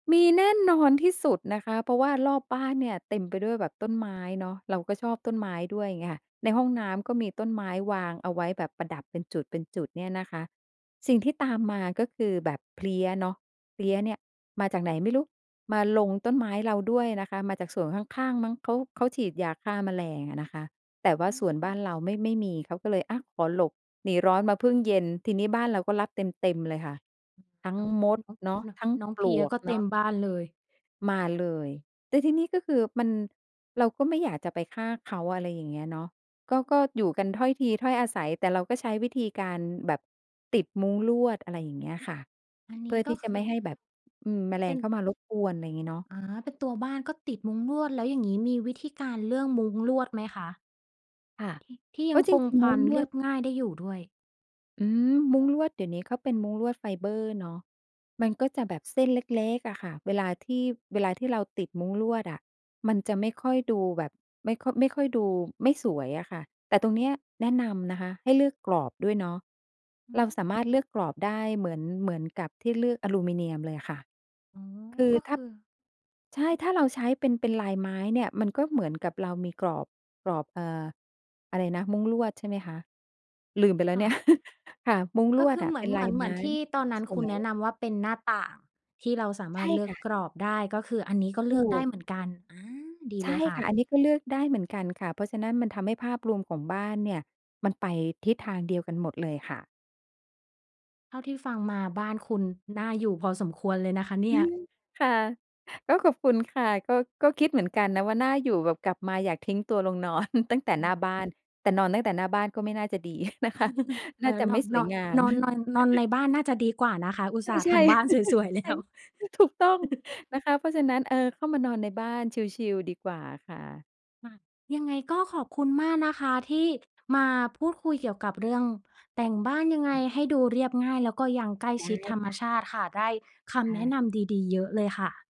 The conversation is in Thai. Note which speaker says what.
Speaker 1: มีแน่นอนที่สุดนะคะ เพราะว่ารอบบ้านเนี่ยเต็มไปด้วยแบบต้นไม้เนาะ เราก็ชอบต้นไม้ด้วยเงี้ยค่ะ ในห้องน้ำก็มีต้นไม้วางเอาไว้แบบประดับเป็นจุด ๆ เนี่ยนะคะ สิ่งที่ตามมาก็คือแบบเพลี้ยเนาะ เพลี้ยเนี่ยมาจากไหนไม่รู้ มาลงต้นไม้เราด้วยนะคะ มาจากสวนข้าง ๆ มั้ง เขา เขาฉีดยาฆ่าแมลงอะนะคะ แต่ว่
Speaker 2: อ
Speaker 1: า
Speaker 2: ืม
Speaker 1: สวนบ้านเราไม่ ไม่มี เขาก็เลย อะ ขอหลบหนีร้อนมาพึ่งเย็น ทีนี้บ้านเราก็รับเต็ม ๆ เลยค่ะ ทั้ง
Speaker 2: น้อง
Speaker 1: มด
Speaker 2: น้อง
Speaker 1: เนาะ
Speaker 2: น้อง
Speaker 1: ทั้ง
Speaker 2: น้อง
Speaker 1: ป
Speaker 2: เพ
Speaker 1: ล
Speaker 2: ลี้ย
Speaker 1: วก
Speaker 2: ก็เ
Speaker 1: เ
Speaker 2: ต
Speaker 1: น
Speaker 2: ็
Speaker 1: าะ
Speaker 2: มบ้านเลย
Speaker 1: มาเลย แต่ทีนี้ก็คือมัน เราก็ไม่อยากจะไปฆ่าเขา อะไรอย่างเงี้ยเนาะ ก็ ก็อยู่กันถ้อยทีถ้อยอาศัย แต่เราก็ใช้วิธีการแบบติดมุ้งลวด อะไรอย่างเงี้ยค่ะ
Speaker 2: อัน
Speaker 1: เ
Speaker 2: น
Speaker 1: พ
Speaker 2: ี
Speaker 1: ื
Speaker 2: ้
Speaker 1: ่อ
Speaker 2: ก
Speaker 1: ท
Speaker 2: ็
Speaker 1: ี่จะ
Speaker 2: ค
Speaker 1: ไม
Speaker 2: ื
Speaker 1: ่ใ
Speaker 2: อ
Speaker 1: ห้แบบ อืม แมล
Speaker 2: เป็
Speaker 1: ง
Speaker 2: น
Speaker 1: เข้ามารบกวน ไรงี้เนาะ
Speaker 2: อ๋อ เป็นตัวบ้านก็ติดมุ้งลวด แล้วอย่างนี้มีวิธีการเลือกมุ้งลวดไหมคะ?
Speaker 1: ค่ะ
Speaker 2: ที่ ที่ย
Speaker 1: ก
Speaker 2: ั
Speaker 1: ็
Speaker 2: ง
Speaker 1: จ
Speaker 2: คง
Speaker 1: ริง
Speaker 2: ค
Speaker 1: ๆ ม
Speaker 2: ว
Speaker 1: ุ้
Speaker 2: า
Speaker 1: ง
Speaker 2: ม
Speaker 1: ล
Speaker 2: เร
Speaker 1: ว
Speaker 2: ี
Speaker 1: ด
Speaker 2: ยบง่ายได้อยู่ด้วย?
Speaker 1: อืม มุ้งลวดเดี๋ยวนี้เขาเป็นมุ้งลวดไฟเบอร์เนาะ มันก็จะแบบเส้นเล็ก ๆ อะค่ะ เวลาที่ เวลาที่เราติดมุ้งลวดอะ มันจะไม่ค่อยดูแบบ ไม่ค่อย ไม่ค่อยดูไม่สวยอะค่ะ แต่ตรงเนี้ยแนะนำนะคะให้เลือกกรอบด้วยเนาะ
Speaker 2: อื
Speaker 1: เราสามารถ
Speaker 2: ม
Speaker 1: เลือกกรอบได้ เหมือน เหมือนกับที่เลือกอะลูมิเนียมเลยค่ะ
Speaker 2: อ๋อ
Speaker 1: คือ
Speaker 2: ก็
Speaker 1: ถ
Speaker 2: ค
Speaker 1: ้า
Speaker 2: ือ
Speaker 1: ใช่ ถ้าเราใช้เป็น เป็นลายไม้เนี่ย มันก็เหมือนกับเรามีกรอบ กรอบ เอ่อ อะไรนะ มุ้งลวด ใช่ไหมคะ? ลืมไปแล้
Speaker 2: ค
Speaker 1: ว
Speaker 2: ่
Speaker 1: เนี่ย
Speaker 2: ะ
Speaker 1: ค่ะ มุ้งล
Speaker 2: ก็
Speaker 1: ว
Speaker 2: ค
Speaker 1: ด
Speaker 2: ือ
Speaker 1: อ
Speaker 2: เ
Speaker 1: ะ
Speaker 2: หม
Speaker 1: เ
Speaker 2: ือ
Speaker 1: ป็
Speaker 2: น
Speaker 1: น
Speaker 2: เห
Speaker 1: ล
Speaker 2: ม
Speaker 1: า
Speaker 2: ือ
Speaker 1: ย
Speaker 2: น เห
Speaker 1: ไ
Speaker 2: ม
Speaker 1: ม
Speaker 2: ือ
Speaker 1: ้
Speaker 2: นที่ตอนนั้น
Speaker 1: ส
Speaker 2: คุณ
Speaker 1: ว
Speaker 2: แนะ
Speaker 1: ย
Speaker 2: นำว่า เป็นหน้าต่าง ที่เราสาม
Speaker 1: ใช
Speaker 2: าร
Speaker 1: ่
Speaker 2: ถเลือ
Speaker 1: ค
Speaker 2: ก
Speaker 1: ่ะ
Speaker 2: กรอบได้ ก็คืออันนี้ก็เ
Speaker 1: ถ
Speaker 2: ลื
Speaker 1: ู
Speaker 2: อกได้
Speaker 1: ก
Speaker 2: เหมือนกัน อา ดี
Speaker 1: ใช
Speaker 2: เล
Speaker 1: ่
Speaker 2: ยค่
Speaker 1: ค่
Speaker 2: ะ
Speaker 1: ะ อันนี้ก็เลือกได้เหมือนกันค่ะ เพราะฉะนั้นมันทำให้ภาพรวมของบ้านเนี่ย มันไปทิศทางเดียวกันหมดเลยค่ะ
Speaker 2: เท่าที่ฟังมาบ้านคุณน่าอยู่พอสมควรเลยนะคะเน
Speaker 1: อ
Speaker 2: ี่
Speaker 1: ื
Speaker 2: ย
Speaker 1: อ ค่ะ ก็ขอบคุณค่ะ ก็ ก็คิดเหมือนกันนะว่า น่าอยู่แบบกลับมาอยากทิ้งตัวลงนอน ตั้งแต่
Speaker 2: อื
Speaker 1: หน้
Speaker 2: ม
Speaker 1: าบ้าน แต่นอนตั้งแต่หน้าบ้านก็ไม่น่าจะดี นะคะ น
Speaker 2: เอ
Speaker 1: ่า
Speaker 2: อ
Speaker 1: จะ
Speaker 2: น
Speaker 1: ไม
Speaker 2: อ
Speaker 1: ่
Speaker 2: น
Speaker 1: ส
Speaker 2: น
Speaker 1: ว
Speaker 2: อ
Speaker 1: ย
Speaker 2: น
Speaker 1: งาม
Speaker 2: นอน นอน นอนในบ้านน่าจะดีกว่านะคะ อุตส่าห์
Speaker 1: ใช
Speaker 2: ท
Speaker 1: ่
Speaker 2: ำบ้าน
Speaker 1: ๆ
Speaker 2: สวย ๆ
Speaker 1: ใ
Speaker 2: แ
Speaker 1: ช
Speaker 2: ล
Speaker 1: ่
Speaker 2: ้ว
Speaker 1: ถูกต้องนะคะ เพราะฉะนั้น เออ เข้ามานอนในบ้านชิล ๆ ดีกว่าค่ะ
Speaker 2: ค่ะ ยังไงก็ขอบคุณมากนะคะ ที่มาพูดคุยเกี่ยวกับเรื่องแต่งบ้านยังไงให้ดูเรียบง่าย แล้วก็ยังใกล้
Speaker 1: ได้
Speaker 2: ชิดธรรม
Speaker 1: ค่ะ
Speaker 2: ชาติค่ะ ได้ค
Speaker 1: ค
Speaker 2: ำ
Speaker 1: ่
Speaker 2: แนะ
Speaker 1: ะ
Speaker 2: นำดี ๆ เยอะเลยค่ะ